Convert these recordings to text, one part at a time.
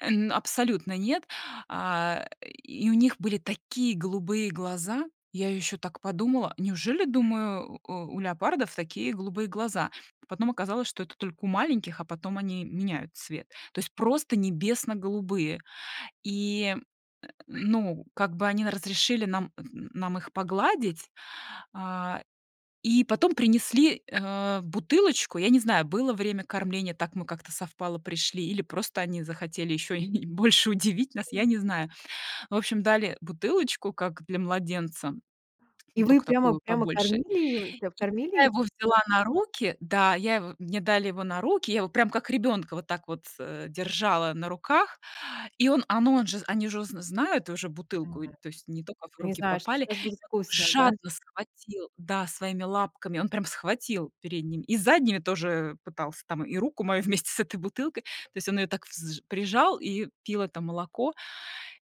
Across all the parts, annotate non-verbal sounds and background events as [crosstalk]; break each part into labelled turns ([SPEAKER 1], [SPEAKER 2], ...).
[SPEAKER 1] Э, н абсолютно нет. А, [grunts] и у них были такие голубые глаза. Я ещё так подумала: "Неужели, думаю, э, у леопардов такие голубые глаза?" Потом оказалось, что это только у маленьких, а потом они меняют цвет. То есть просто небесно-голубые. И, [grunts] ну, как бы они на разрешили нам нам их погладить, а, и потом принесли, э, бутылочку. Я не знаю, было время кормления, так мы как-то совпало, пришли или просто они захотели ещё [chuckles] и больше удивить нас, я не
[SPEAKER 2] М.
[SPEAKER 1] знаю. Ну в общем, дали бутылочку как для младенца,
[SPEAKER 2] И
[SPEAKER 1] ну,
[SPEAKER 2] вы
[SPEAKER 1] тока
[SPEAKER 2] прямо
[SPEAKER 1] такую
[SPEAKER 2] прямо
[SPEAKER 1] побольше.
[SPEAKER 2] кормили её, и прям
[SPEAKER 1] И я
[SPEAKER 2] кормили их?
[SPEAKER 1] его взяла на руки да, я его мне дали его на руки, я его прямо как ребёнка вот так вот, э, держала на руках. И он, а, ну, он же они же уже зн знают уже бутылку, и эт
[SPEAKER 2] М,
[SPEAKER 1] то есть не только в
[SPEAKER 2] Они
[SPEAKER 1] руки
[SPEAKER 2] знают, что
[SPEAKER 1] попали. И
[SPEAKER 2] щас будет
[SPEAKER 1] он так
[SPEAKER 2] вкусно, да?
[SPEAKER 1] жадно схватил, да, своими лапками, он прям схватил передними, и задними тоже пытался там, и руку мою [chuckles] вместе с этой бутылкой. То есть он её так взж прижал и пил это молоко.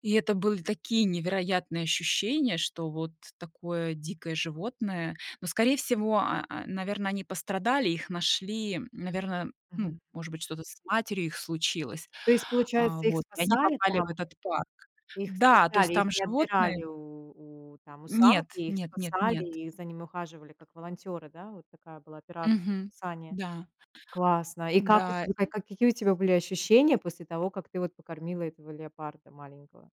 [SPEAKER 1] И это были такие невероятные ощущения, что вот такое дикое животное. Но скорее всего, а а, наверно, они пострадали, их нашли,
[SPEAKER 2] Мгм,
[SPEAKER 1] наверно, ну,
[SPEAKER 2] мгм.
[SPEAKER 1] может быть, что-то с матерью их случилось.
[SPEAKER 2] То есть
[SPEAKER 1] Э,
[SPEAKER 2] получается, их
[SPEAKER 1] вот, и они
[SPEAKER 2] спасали
[SPEAKER 1] попали в
[SPEAKER 2] там?
[SPEAKER 1] этот парк.
[SPEAKER 2] Их
[SPEAKER 1] Да, то есть
[SPEAKER 2] спасали, их
[SPEAKER 1] там
[SPEAKER 2] не
[SPEAKER 1] животные
[SPEAKER 2] отбирали у у, там, у
[SPEAKER 1] Нет,
[SPEAKER 2] самки, их
[SPEAKER 1] нет, нет,
[SPEAKER 2] спасали,
[SPEAKER 1] нет.
[SPEAKER 2] и за ними ухаживали как волонтёры, да? Вот такая была операция
[SPEAKER 1] Мгм.
[SPEAKER 2] спасения.
[SPEAKER 1] Да.
[SPEAKER 2] Классно. И как у
[SPEAKER 1] М-да,
[SPEAKER 2] тебя ка
[SPEAKER 1] и
[SPEAKER 2] какие у тебя были ощущения после того, как ты вот покормила этого леопарда маленького?